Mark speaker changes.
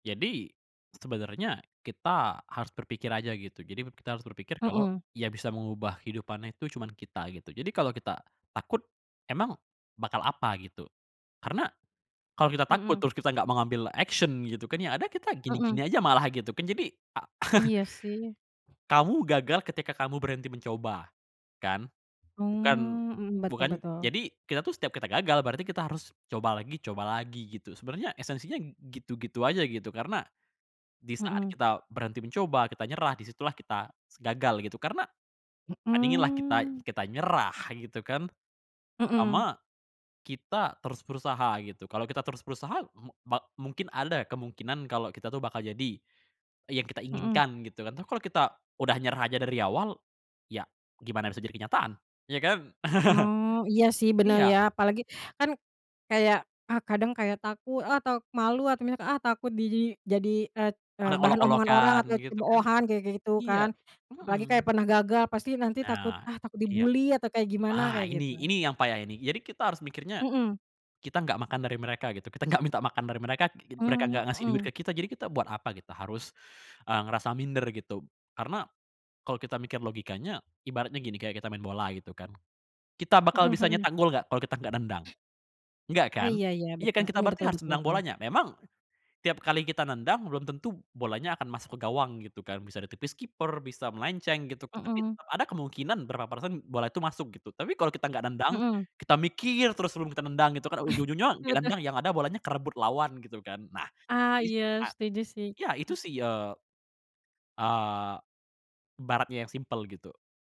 Speaker 1: Jadi, sebenernya kita harus berpikir aja gitu. Jadi kita harus berpikir kalau
Speaker 2: Mhm.
Speaker 1: ya bisa mengubah kehidupannya itu cuman kita, gitu. Jadi kalau kita takut, emang bakal apa gitu? Karena kalau kita takut
Speaker 2: Mhm.
Speaker 1: terus kita enggak mau ngambil action gitu kan, ya ada kita
Speaker 2: Mhm.
Speaker 1: gini-gini aja malah gitu kan jadi, a
Speaker 2: Iya sih.
Speaker 1: kamu gagal ketika kamu berhenti mencoba, kan? Bukan,
Speaker 2: Mmm, hmm,
Speaker 1: bukan
Speaker 2: betul-betul.
Speaker 1: jadi kita tuh setiap kita gagal, berarti kita harus coba lagi, coba lagi gitu. Sebenarnya esensinya gitu-gitu aja gitu, karena disaat
Speaker 2: Mhm.
Speaker 1: kita berhenti mencoba, kita nyerah, disitulah kita gagal gitu, karena, bandinginlah kita
Speaker 2: Mmm.
Speaker 1: kita nyerah gitu kan
Speaker 2: Mhm.
Speaker 1: sama kita terus berusaha gitu kalau kita terus berusaha m ba mungkin ada kemungkinan kalau kita tuh bakal jadi yang kita
Speaker 2: Mhm.
Speaker 1: inginkan gitu kan, tapi kalau kita udah nyerah aja dari awal ya gimana bisa jadi kenyataan ya kan?
Speaker 2: Mmm, iya sih bener
Speaker 1: Iya.
Speaker 2: ya apalagi kan kayak ah kadang kayak takut, ah atau malu atau misal takut di jadi eee, eee,
Speaker 1: Orang
Speaker 2: bahan omongan orang
Speaker 1: olok-olokan
Speaker 2: atau
Speaker 1: gitu kan,
Speaker 2: cemoohan kayak gitu
Speaker 1: iya
Speaker 2: kan apalagi kayak
Speaker 1: mhm.
Speaker 2: pernah gagal pasti nanti takut
Speaker 1: Benar,
Speaker 2: ah takut
Speaker 1: iya.
Speaker 2: dibully atau kayak gimana
Speaker 1: Ah
Speaker 2: kayak
Speaker 1: ini,
Speaker 2: gitu.
Speaker 1: ini yang payah ini. Jadi kita harus mikirnya
Speaker 2: Mhm.
Speaker 1: kita enggak makan dari mereka gitu, kita enggak minta makan dari mereka, mereka
Speaker 2: Mmm,
Speaker 1: enggak ngasih duit
Speaker 2: mhm.
Speaker 1: ke kita, jadi kita buat apa kita harus eee, ngerasa minder gitu. Karena kalau kita mikir logikanya, ibaratnya gini kayak kita main bola gitu kan, kita bakal
Speaker 2: Mhm,
Speaker 1: bisa
Speaker 2: mhm.
Speaker 1: nyetak gol enggak kalau kita enggak nendang? Enggak
Speaker 2: Oh
Speaker 1: kan?
Speaker 2: iya iya
Speaker 1: Iya
Speaker 2: betul,
Speaker 1: kan kita
Speaker 2: mmm,
Speaker 1: berarti
Speaker 2: betul
Speaker 1: harus
Speaker 2: betul
Speaker 1: nendang
Speaker 2: betul.
Speaker 1: bolanya. Memang, tiap kali kita nendang, belum tentu bolanya akan masuk ke gawang gitu kan, bisa ditipis kiper, bisa melenceng gitu. Tapi
Speaker 2: Mhm.
Speaker 1: ada kemungkinan berapa persen bola itu masuk gitu. Tapi kalau kita enggak nendang,
Speaker 2: Mhm.
Speaker 1: kita mikir terus sebelum kita nendang gitu kan ujung-ujungnya
Speaker 2: Betul.
Speaker 1: nendang yang ada bolanya kerebut lawan gitu kan. Nah, [unintelligible]
Speaker 2: Ah
Speaker 1: jadi
Speaker 2: iya setuju sih.
Speaker 1: ya itu sih eee eee, ibaratnya yang simpel gitu.